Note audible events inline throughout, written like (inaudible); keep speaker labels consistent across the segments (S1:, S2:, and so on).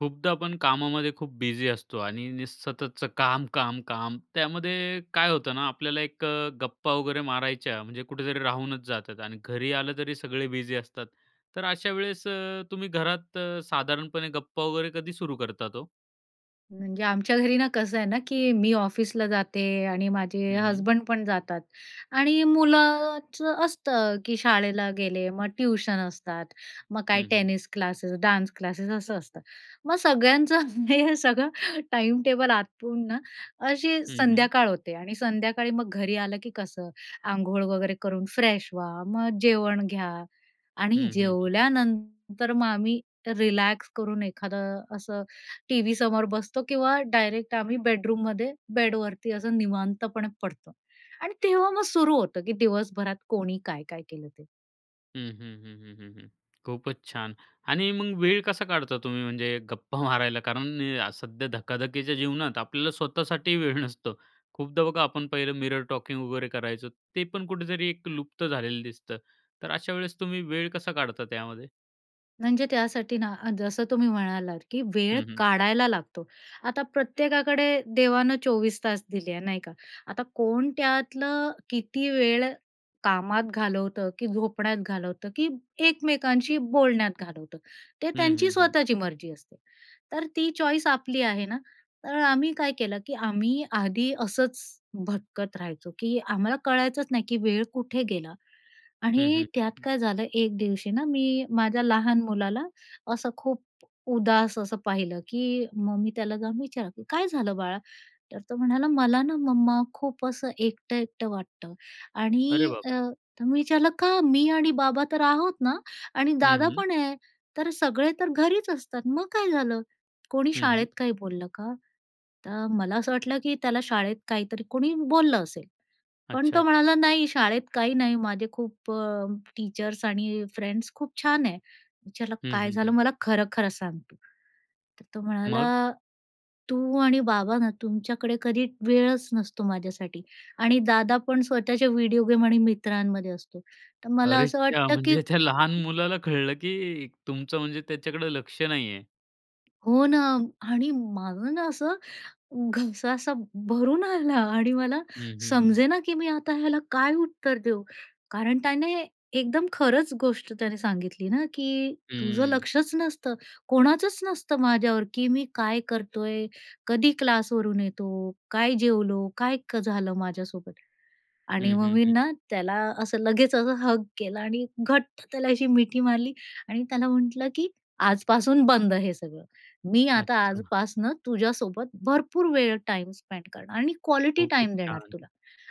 S1: खूपदा आपण कामामध्ये खूप बिझी असतो आणि नी सततचं काम, काम, काम त्यामध्ये काय होतं ना, आपल्याला 1 गप्पा वगैरे मारायच्या म्हणजे कुठेतरी राहूनच जातात आणि घरी आलं तरी सगळे बिझी असतात. तर अशा वेळेस अ, तुम्ही घरात साधारणपणे गप्पा वगैरे कधी सुरू करतात हो?
S2: म्हणजे आमच्या घरी ना, कसं आहे ना, की मी ऑफिसला जाते आणि माझे
S1: हं, हं.
S2: हसबंड पण जातात आणि मुलाचं असतं, की शाळेला गेले, मग ट्यूशन असतात, मग काय
S1: हं, हं.
S2: टेनिस क्लासेस, डान्स क्लासेस, असं असतं. मग सगळ्यांचं हे सगळं टाईमटेबल आटपून ना, अशी
S1: हं, हं.
S2: संध्याकाळ होते आणि संध्याकाळी मग घरी आलं की कसं, आंघोळ वगैरे करून फ्रेश व्हा, मग जेवण घ्या आणि
S1: हं, हं, हं.
S2: जेवल्यानंतर मग आम्ही रिलॅक्स करून एखादं असं टीव्ही समोर बसतो किंवा डायरेक्ट आम्ही बेडरूम मध्ये, बेड वरती असं निवांतपणे पडतो. आणि तेव्हा मग सुरू होतं, की दिवसभरात कोणी काय-काय केलं ते.
S1: हं, हं, हं, हं, हं. खूपच छान. आणि मग वेळ कसा काढता तुम्ही म्हणजे गप्पा मारायला? कारण सध्या धकाधकीच्या जीवनात आपल्याला स्वतःसाठी वेळ नसतो, खूपदा बघा, आपण पहिलं मिरर टॉकिंग वगैरे करायचं, ते पण कुठेतरी 1 लुप्त झालेलं दिसतं. तर अशा वेळेस तुम्ही वेळ कसा काढता त्यामध्ये?
S2: म्हणजे त्यासाठी ना जसं तुम्ही म्हणालात, की वेळ
S1: हं, हं.
S2: काढायला लागतो. आता प्रत्येकाकडे देवानं 24 तास दिले आहे, नाही का. आता कोण त्यातलं किती वेळ कामात घालवतं, की झोपण्यात घालवतं, की एकमेकांशी बोलण्यात घालवतं. ते
S1: हं,
S2: त्यांची
S1: हं, हं.
S2: स्वतःची मर्जी असते, तर ती चॉईस आपली आहे ना. तर आम्ही काय केलं की आम्ही आधी असंच भटकत राहायचो, की आम्हाला कळायचंच नाही की वेळ कुठे गेला.
S1: हं,
S2: आणि त्यात
S1: हं.
S2: काय झालं एक दिवशी ना, मी माझ्या लहान मुलाला असं खूप उदास असं पाहिलं, की मग मी त्याला जाऊन विचारलं, "काय झालं बाळा?" तर तो म्हणाला, "मला ना मम्मा खूप असं एकटं-एकटं वाटतं"
S1: अरे
S2: आणि
S1: बाप
S2: अ,
S1: रे!
S2: तर मी विचारलं, "का? मी आणि बाबा तर आहोत ना आणि
S1: हं,
S2: दादा
S1: हं.
S2: पण आहे, तर सगळे तर घरीच असतात. मग काय झालं? कोणी
S1: हं, हं.
S2: शाळेत काही बोललं का?" तर मला असं वाटलं की त्याला शाळेत काहीतरी कोणी बोललं असेल. पण
S1: अच्छा,
S2: तो
S1: अच्छा.
S2: म्हणाला, "नाही शाळेत काही नाही, माझे खूप अ, टीचर्स आणि फ्रेंड्स खूप छान आहे." विचारलं,
S1: हं,
S2: "काय
S1: हं,
S2: झालं
S1: हं.
S2: मला खरं-खरं सांग तु?" तर तो म्हणाला,
S1: मग?
S2: "तू आणि बाबा ना तुमच्याकडे कधी वेळच नसतो माझ्यासाठी आणि दादा पण स्वतःच्या व्हिडिओ गेम आणि मित्रांमध्ये असतो. तर मला
S1: अरे
S2: असं
S1: च्या!
S2: वाटतं की"
S1: म्हणजे त्या लहान मुलाला कळलं की तुमचं म्हणजे त्याच्याकडे लक्ष नाहीये.
S2: हो ना. आणि माझं ना असं, घसा असा भरून आला आणि मला
S1: हं, हं, हं.
S2: समजे ना, की मी आता ह्याला काय उत्तर देऊ? कारण त्याने एकदम खरंच गोष्ट त्याने सांगितली ना, की तुझं
S1: हं.
S2: लक्षच नसतं. कोणाचंच नसतं माझ्यावर, की मी काय करतोय? कधी क्लासवरून येतो? काय जेवलो? काय झालं माझ्यासोबत? आणि
S1: हं,
S2: मग
S1: हं,
S2: मी
S1: हं.
S2: ना त्याला असं लगेच असं, हग केला आणि घट्ट त्याला अशी मिठी मारली आणि त्याला म्हटलं, की आजपासून बंद हे सगळं. मी आता
S1: अच्छा.
S2: आजपासनं तुझ्यासोबत भरपूर वेळ टाइम स्पेंड करणार आणि क्वालिटी
S1: खूपच
S2: टाईम देणार
S1: छान.
S2: तुला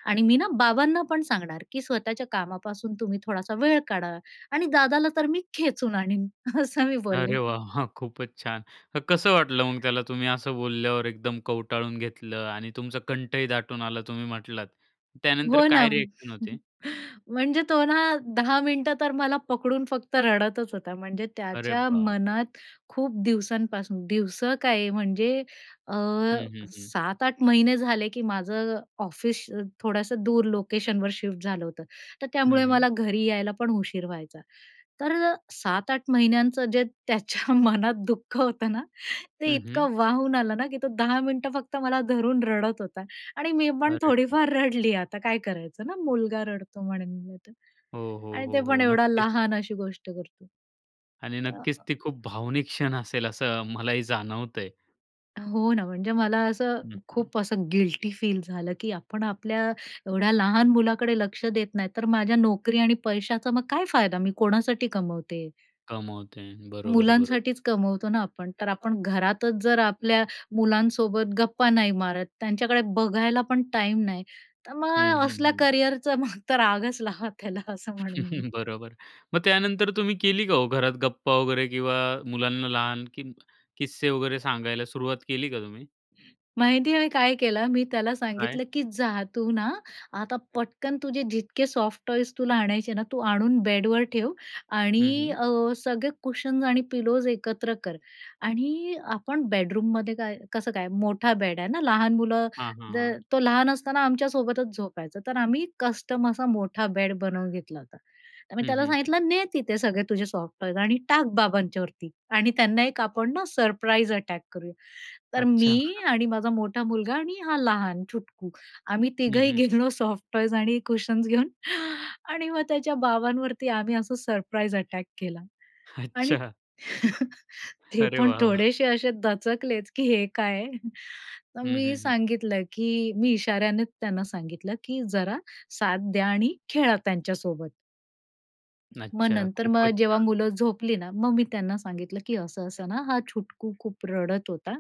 S2: आणि मी ना बाबांना पण सांगणार, की स्वतःच्या कामापासून तुम्ही थोडासा वेळ काढा आणि दादाला तर मी खेचून आणीन असं मी बोलले.
S1: अरे वाह! खूपच छान. तर कसं वाटलं मग त्याला, तुम्ही असं बोलल्यावर एकदम कवटाळून घेतलं आणि तुमचा कंठही दाटून आला तुम्ही म्हटलात. त्यानंतर
S2: हो ना.
S1: काय रिएक्शन होती?
S2: म्हणजे तो ना, 10 मिनिटं तर मला पकडून फक्त रडतचं होता म्हणजे,
S1: अरे
S2: त्याच्या
S1: बाप रे!
S2: मनात खूप दिवसांपासून, दिवसं काय म्हणजे, अ,
S1: हं, हं, हं.
S2: 7-8 महिने झाले, की माझं ऑफिस थोडंसं दूर लोकेशनवर शिफ्ट झालं होतं. तर
S1: हं,
S2: त्यामुळे
S1: हं.
S2: मला घरी यायला पण उशीर व्हायचा. तर 7-8 महिन्यांचं जे त्याच्या मनात दुःख होतं ना ते
S1: हं, हं.
S2: इतकं वाहून आलं ना, की तो 10 मिनिटं फक्त मला धरून रडत होता आणि मी पण
S1: अरे बाप!
S2: थोडीफार रडली आता काय करायचं ना, मुलगा रडतो म्हणून होतं.
S1: हो, हो,
S2: आणि ते
S1: हो,
S2: पण
S1: हो.
S2: एवढा
S1: नक्कीच.
S2: लहान अशी गोष्ट करतो.
S1: आणि नक्कीच
S2: आह
S1: ती खूप भावनिक क्षण असेल असं, मलाही जाणवतंय.
S2: हो ना. म्हणजे मला असं
S1: नक्कीच.
S2: खूप असं गिल्टीफील झालं, की आपण आपल्या एवढ्या लहान मुलाकडे लक्ष देत नाही तर, माझ्या नोकरी आणि पैशाचा मग काय फायदा, मी कोणासाठी कमवते?
S1: कमावते. बरोबर, बरोबर.
S2: मुलांसाठीच कमवतो ना आपण. तर, आपण घरातच जर आपल्या मुलांसोबत गप्पा नाही मारत, त्यांच्याकडे बघायला पण टाईम नाही, तर
S1: हं,
S2: मग
S1: हं,
S2: असल्या
S1: हं.
S2: करियरचा मग तर, रागच लावा त्याला असं म्हणेन मी.
S1: (chuckles) बरोबर, मग त्यानंतर तुम्ही केली का हो घरात गप्पा वगैरे किंवा मुलांना लहान किस्से वगैरे सांगायला सुरुवात केली का तुम्ही?
S2: माहिती आहे आम्ही काय केलं, मी त्याला
S1: काय?
S2: सांगितलं की जा तू ना, आता पटकन तुझे जितके सॉफ्टटॉयज तुला आणायचे ना, तू आणून बेडवर ठेव.
S1: हं,
S2: आणि
S1: हं.
S2: अ, सगळे कुशन्स आणि पिलोज एकत्र कर. आणि आपण बेडरूममध्ये काय कसं काय मोठा बेड आहे ना, लहान मुलं
S1: हां, हां,
S2: द
S1: हां.
S2: तो लहान असताना आमच्यासोबतच झोपायचा, तर आम्ही कस्टम असा मोठा बेड बनवून घेतला होता. तर मी
S1: हं,
S2: त्याला
S1: हं, हं.
S2: सांगितलं, ने तिथे सगळे तुझे सॉफ्टटॉयज आणि टाक बाबांच्यावरती आणि त्यांना 1 आपण ना, सरप्राईज अटॅक करूया. तर
S1: अच्छा.
S2: मी
S1: (chuckles)
S2: आणि माझा मोठा मुलगा आणि हा लहान चुटकू, आम्ही
S1: हं,
S2: तिघंही
S1: हं, हं.
S2: गेलो सॉफ्टटॉयज आणि कुशन्स घेऊन आणि मग, त्याच्या बाबांवरती आम्ही असं सरप्राईज अटॅक केला. आणि
S1: अच्छा.
S2: (chuckles) ते
S1: अरे
S2: पण
S1: वाह वाह!
S2: थोडेसे असे दचकलेच, की हे काय आहे. तर,
S1: हं,
S2: मी
S1: हं, हं.
S2: सांगितलं की मी इशाऱ्याने त्यांना सांगितलं, की जरा साथ द्या आणि खेळा त्यांच्यासोबत. मग
S1: अच्छा,
S2: नंतर मग
S1: खूपच
S2: जेव्हा
S1: छान.
S2: मुलं झोपली ना, मग मी त्यांना सांगितलं, की असं-असं ना, हा छुटकू खूप रडत होता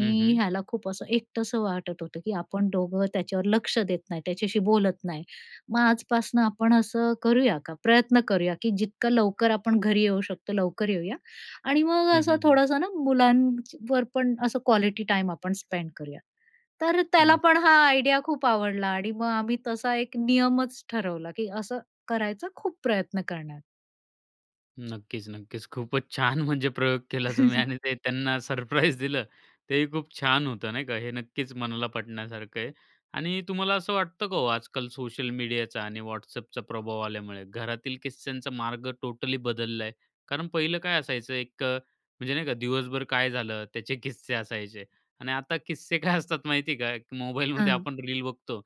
S1: हं, हं.
S2: ह्याला खूप असं एकटंसं वाटत होतं, की आपण दोघं त्याच्यावर लक्ष देत नाही, त्याच्याशी बोलत नाही. मग आजपासनं आपण असं करूया का? प्रयत्न करूया की जितका लवकर आपण घरी येऊ शकतो, लवकर येऊया. आणि मग
S1: हं, हं,
S2: असं
S1: हं.
S2: थोडंसं ना, मुलांची वर पण असं क्वालिटी टाईम आपण स्पेंड करूया. तर
S1: हं,
S2: त्याला पण हा
S1: नक्कीच.
S2: आयडिया खूप आवडला. आणि मग आम्ही तसा 1 नियमच ठरवला, की असं करायचा खूप प्रयत्न करणार.
S1: नक्कीच, नक्कीच. खूपच छान. म्हणजे प्रयोग केला तुम्ही आणि ते
S2: (chuckles)
S1: त्यांना सरप्राइज दिलं, तेही खूप छान होतं नाही का? हे नक्कीच मनाला पटण्यासारखं आहे. आणि तुम्हाला असं वाटतं का हो, आजकाल सोशल मीडियाचा आणि WhatsAppचा प्रभाव आल्यामुळे, घरातील किस्स्यांचा मार्ग टोटली बदलला आहे? कारण पहिलं काय असायचं 1 अ, म्हणजे नाही का? दिवसभर काय झालं, त्याचे किस्से असायचे आणि आता किस्से काय असतात माहिती आहे का, मोबाईलमध्ये
S2: हं.
S1: आपण रील बघतो,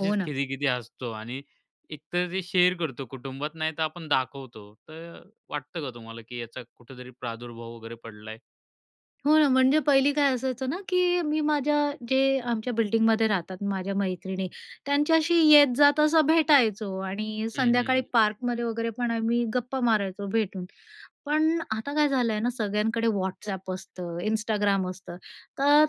S2: हो ना.
S1: खिदी-खिदी हसतो आणि एक तर ते शेअर करतो कुटुंबात नाही तर आपण दाखवतो. तर अ, वाटतं का तुम्हाला की याचा कुठेतरी प्रादुर्भाव वगैरे पडला आहे?
S2: हो ना. म्हणजे पहिली काय असायचं ना, की मी माझ्या जे आमच्या बिल्डिंगमध्ये राहतात माझ्या मैत्रिणी त्यांच्याशी येत, जात असं भेटायचो आणि
S1: हं, हं,
S2: संध्याकाळी
S1: हं.
S2: पार्कमध्ये वगैरे पण आम्ही गप्पा मारायचो भेटून. पण आता काय झालं आहे ना, सगळ्यांकडे WhatsApp असतं, Instagram असतं तर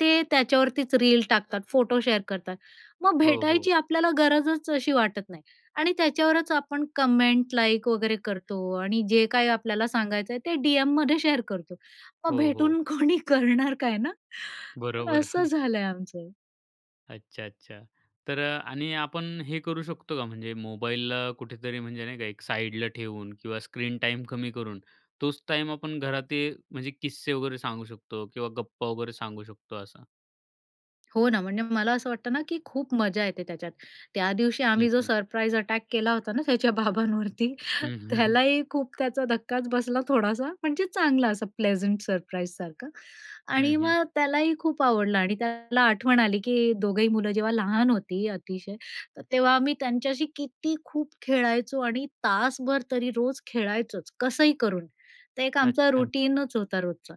S2: ते त्याच्यावरतीच रील टाकतात. फोटो शेअर करतात. मग
S1: हो, हो.
S2: भेटायची आपल्याला गरजच अशी वाटत नाही आणि त्याच्यावरच आपण कमेंट, लाइक वगैरे करतो आणि जे काही आपल्याला सांगायचं आहे ते डीएममध्ये शेअर करतो. मग
S1: हो, हो.
S2: भेटून कोणी करणार काय ना,
S1: बरोबर.
S2: असं
S1: (chuckles)
S2: झालंय आमचं.
S1: अच्छा, अच्छा. तर अ आणि आपण हे करू शकतो का म्हणजे मोबाईलला कुठेतरी म्हणजे नाही का एक साईडला ठेवून किंवा स्क्रीन टाईम कमी करून तोच टाईम आपण घरात ते म्हणजे किस्से वगैरे सांगू शकतो किंवा गप्पा वगैरे सांगू शकतो असं?
S2: हो ना. म्हणजे मला असं वाटतं ना, की खूप मजा येते त्याच्यात. त्या दिवशी
S1: हं,
S2: आम्ही जो
S1: हं.
S2: सरप्राईज अटॅक केला होता ना त्याच्या बाबांवरती,
S1: हं, हं. (chuckles)
S2: त्यालाही खूप त्याचा धक्काच बसला थोडासा. म्हणजे चांगला असा प्लेझंट सरप्राईज सारखं आणि
S1: हं, हं.
S2: मग त्यालाही खूप आवडलं. आणि त्याला आठवण आली की दोघंही मुलं जेव्हा लहान होती अतिशय तर तेव्हा आम्ही त्यांच्याशी किती खूप खेळायचो आणि तासभर तरी रोज खेळायचोच कसंही करून. ते एक आमचं
S1: अच्छा.
S2: रूटीनच होता रोजचा.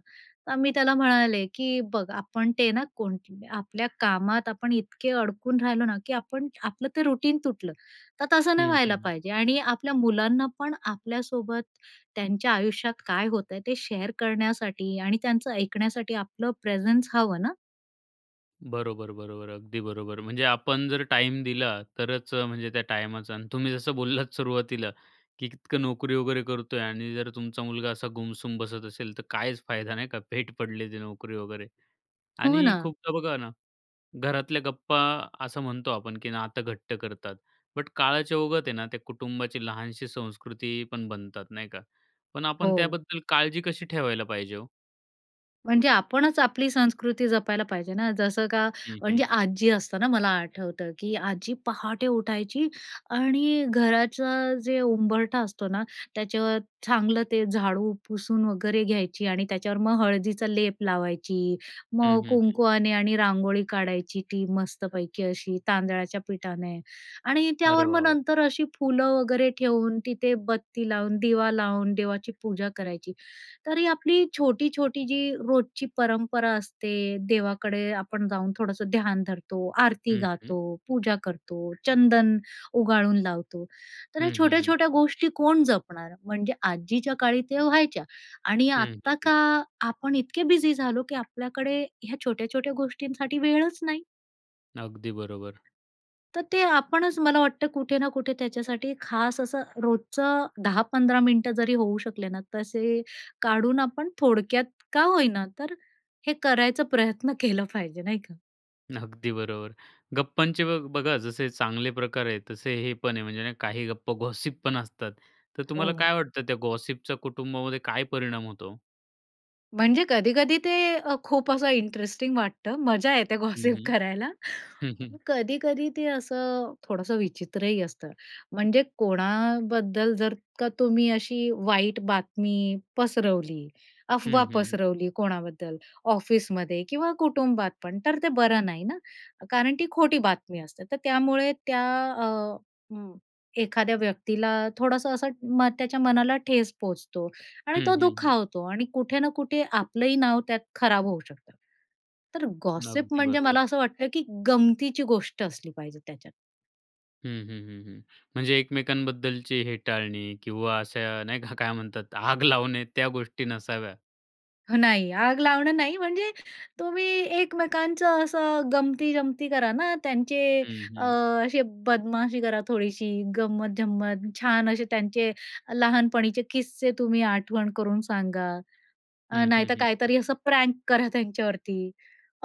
S2: तर मी त्याला म्हणाले की बघ आपण ते ना कोण आपल्या कामात आपण इतके अडकून राहिलो ना की आपण आपलं ते रूटीन तुटलं तर तसं नाही
S1: हं,
S2: व्हायला
S1: हं.
S2: पाहिजे आणि आपल्या मुलांना पण आपल्यासोबत त्यांच्या आयुष्यात काय होतंय ते शेअर करण्यासाठी आणि त्यांचं ऐकण्यासाठी आपलं प्रेझन्स हवं ना.
S1: बरोबर. बरोबर. अगदी बरोबर. म्हणजे आपण जर टाईम दिला तरच म्हणजे त्या टायमाचा आणि तुम्ही जसं बोललात सुरुवातीला, की इतकं नोकरी वगैरे करतोय आणि जर तुमचा मुलगा असा गुमसुम बसत असेल, तर काहीच फायदा नाही का भेट पडले ते नोकरी वगैरे.
S2: हो
S1: आणि
S2: ना.
S1: खूपदा बघा ना, घरातल्या गप्पा असं म्हणतो आपण की नातं घट्ट कतात. बट काळाच्या ओघात आहे ना त्या कुटुंबाची लहानशी संस्कृती पण बनतात नाही का. पण आपण
S2: हो.
S1: त्याबद्दल काळजी कशी ठेवायला पाहिजे हो?
S2: म्हणजे आपणच आपली संस्कृती जपायला पाहिजे ना. जसं का
S1: हं. हं.
S2: म्हणजे आजी असताना मला आठवतं, की आजी पहाटे उठायची आणि घराचं जे उंबरठा असतो ना, त्याच्यावर चांगलं ते झाडू पुसून वगैरे घ्यायची आणि त्याच्यावर मग हळदीचा लेप लावायची.
S1: हं,
S2: मग
S1: हं, हं.
S2: कुंकुवाने आणि रांगोळी काढायची ती मस्तपैकी अशी तांदळाच्या पिठाने. आणि
S1: अरे
S2: त्यावर मग
S1: वाह, वाह!
S2: नंतर अशी फुलं वगैरे ठेवून तिथे बत्ती लावून दिवा लावून देवाची पूजा करायची. तरी आपली छोटी-छोटी जी रोजची परंपरा असते, देवाकडे आपण जाऊन थोडंसं ध्यान धरतो, आरती
S1: हं. हं.
S2: गातो, पूजा करतो, चंदन उगाळून लावतो. तर ह्या
S1: हं, हं, हं.
S2: छोट्या-छोट्या गोष्टी कोण जपणार. म्हणजे आजीच्या काळी त्या व्हायच्या आणि
S1: हं, हं,
S2: आत्ता
S1: हं.
S2: का आपण इतके बिझी झालो की आपल्याकडे ह्या छोट्या-छोट्या गोष्टींसाठी वेळच नाही.
S1: अगदी बरोबर.
S2: तर ते आपणच मला वाटतं कुठे ना कुठे त्याच्यासाठी खास असं रोजचं 10-15 मिनिटं जरी होऊ शकले ना, तर असे काढून आपण थोडक्यात का होईना तर हे करायचा प्रयत्न केला पाहिजे नाही का?
S1: अगदी बरोबर, गप्पांचे बग बघा जसे चांगले प्रकार आहेत तसे हे पण आहे, म्हणजे काही गप्पा, गॉसिपपण असतात तर तुम्हाला
S2: हो.
S1: काय वाटतं त्या गॉसिपच्या कुटुंबामध्ये काय परिणाम होतो?
S2: म्हणजे कधी-कधी ते अ, खूप असं इंटरेस्टिंग वाटतं, मजा येते
S1: हं,
S2: गॉसिप
S1: हं.
S2: करायला.
S1: हं, हं.
S2: कधी-कधी ते असं थोडंसं विचित्रही असतं, म्हणजे कोणाबद्दल जर का तुम्ही अशी वाईट बातमी पसरवली,
S1: हं,
S2: अफवा
S1: हं, हं.
S2: पसरवली कोणाबद्दल ऑफिसमध्ये किंवा कुटुंबात पण तर ते बरं नाही ना, कारण ती खोटी बातमी असते. तर त्यामुळे त्या अ, हं, एखाद्या व्यक्तीला थोडंसं असं त्याच्या मनाला ठेच पोहोचतो आणि
S1: हं,
S2: तो
S1: हं, हं.
S2: दुःखावतो आणि कुठे ना कुठे आपलंही नाव त्यात खराब होऊ शकतं. तर गॉसिप
S1: अगदी
S2: म्हणजे
S1: बरोबर.
S2: मला असं वाटतं की गमतीची गोष्ट असली पाहिजे त्याच्यात.
S1: हं, हं, हं, हं. म्हणजे एकमेकांबद्दलची हेटाळणी किंवा असं नाही का, काय म्हणतात, आग लावणे त्या गोष्टी नसाव्या.
S2: हं, नाही आग लावणं नाही म्हणजे, तुम्ही एकमेकांचं असं गंमतीजमती करा ना. त्यांचे
S1: हं,
S2: अ,
S1: हं.
S2: असे बदमाशी करा थोडीशी, गंमत-जंमत छान असे त्यांचे, लहानपणीचे किस्से तुम्ही आठवण करून सांगा. अ,
S1: हं, हं,
S2: नाहीतर
S1: हं.
S2: काहीतरी असं प्रँक करा त्यांच्यावरती.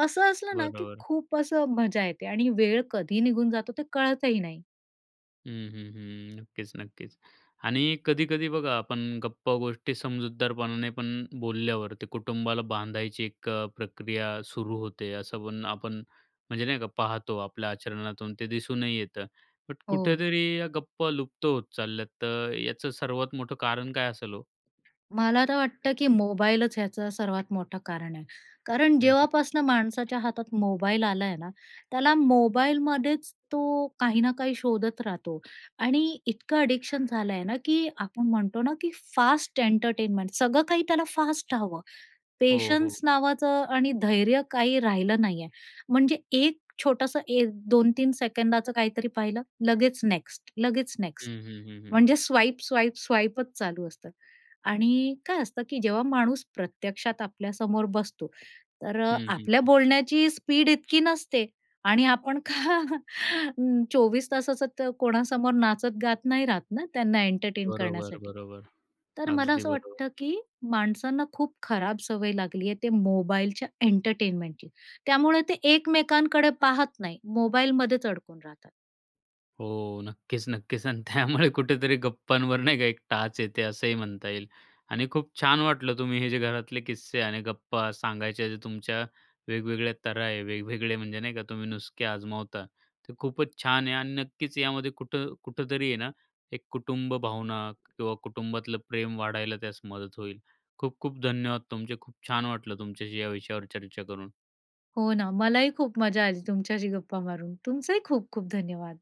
S2: असं असलं ना, की
S1: बरोबर.
S2: खूप असं मजा येते. आणि वेळ कधी निघून जातो ते कळतही नाही.
S1: हं, हं, हं. नक्कीच, नक्कीच. आणि कधी-कधी बघा, आपण गप्पा गोष्टी समजूतदारपणाने पण बोलल्यावरती कुटुंबाला बांधायची 1 अ, प्रक्रिया सुरू होते, असं पण आपण, म्हणजे नाही का पाहतो आपल्या आचरणातून ते दिसूनही येतं, बट
S2: हो.
S1: कुठेतरी या गप्प लुप्त होत चालल्यात तर याचं सर्वात मोठं कारण काय असेल हो?
S2: मला तर वाटतं, की मोबाईलच याचं सर्वात मोठं कारण आहे. कारण
S1: हं, हं.
S2: जेव्हापासनं माणसाच्या हातात मोबाईल आला आहे ना, त्याला मोबाईलमध्येच तो काही ना काही शोधत राहतो आणि इतकं ॲडिक्शन झालं आहे ना, की आपण म्हणतो ना, की फास्ट एंटरटेनमेंट सगळं काही त्याला फास्ट हवं.
S1: हो, हो.
S2: पेशन्स नावाचं आणि धैर्य काही राहिलं नाही आहे. म्हणजे 1 छोटंसं 1-2-3 सेकंदाचं काहीतरी पाहिलं, लगेच नेक्स्ट, लगेच
S1: हं,
S2: नेक्स्ट
S1: हं, हं, हं.
S2: म्हणजे स्वाईप, स्वाईप, स्वाईपचं चालू असतं. आणि काय असतं, की जेव्हा माणूस प्रत्यक्षात आपल्यासमोर बसतो. तर
S1: हं, हं,
S2: आपल्या
S1: हं.
S2: बोलण्याची स्पीड इतकी नसते. आणि आपण का 24 तासाचा त कोणासमोर नाचत गात नाही राहत ना, त्यांना एंटरटेन
S1: बरोबर,
S2: करण्यासाठी.
S1: बरोबर.
S2: तर मला
S1: अगदी
S2: असं
S1: बरोबर.
S2: वाटतं, की माणसांना खूप खराब सवय लागली आहे. ते मोबाईलच्या एंटरटेनमेंटची त्यामुळे ते एकमेकांकडे पाहत नाही, मोबाईलमध्येच अडकून राहतात.
S1: हो, नक्कीच नक्कीच आणि त्यामुळे कुठेतरी गप्पांवर नाही का एक टाच येते असंही म्हणता येईल. आणि खूप छान वाटलं, तुम्ही हे जे घरातले किस्से आणि गप्पा सांगायचे, जे तुमच्या वेगवेगळ्या तऱ्हा आहे, वेगवेगळे म्हणजे नाही का, तुम्ही नुसके आजमावता ते खूपच छान आहे आणि नक्कीच यामध्ये कुठं कुठेतरी आहे ना, एक कुटुंब भावना किंवा कुटुंबातलं प्रेम वाढायला त्यास मदत होईल. खूप-खूप धन्यवाद तुमचे. खूप छान वाटलं तुमच्याशी या विषयावर चर्चा करून.
S2: हो ना, मला ही खूप मजा आली तुमच्याशी गप्पा मारून. तुमचंही खूप-खूप धन्यवाद.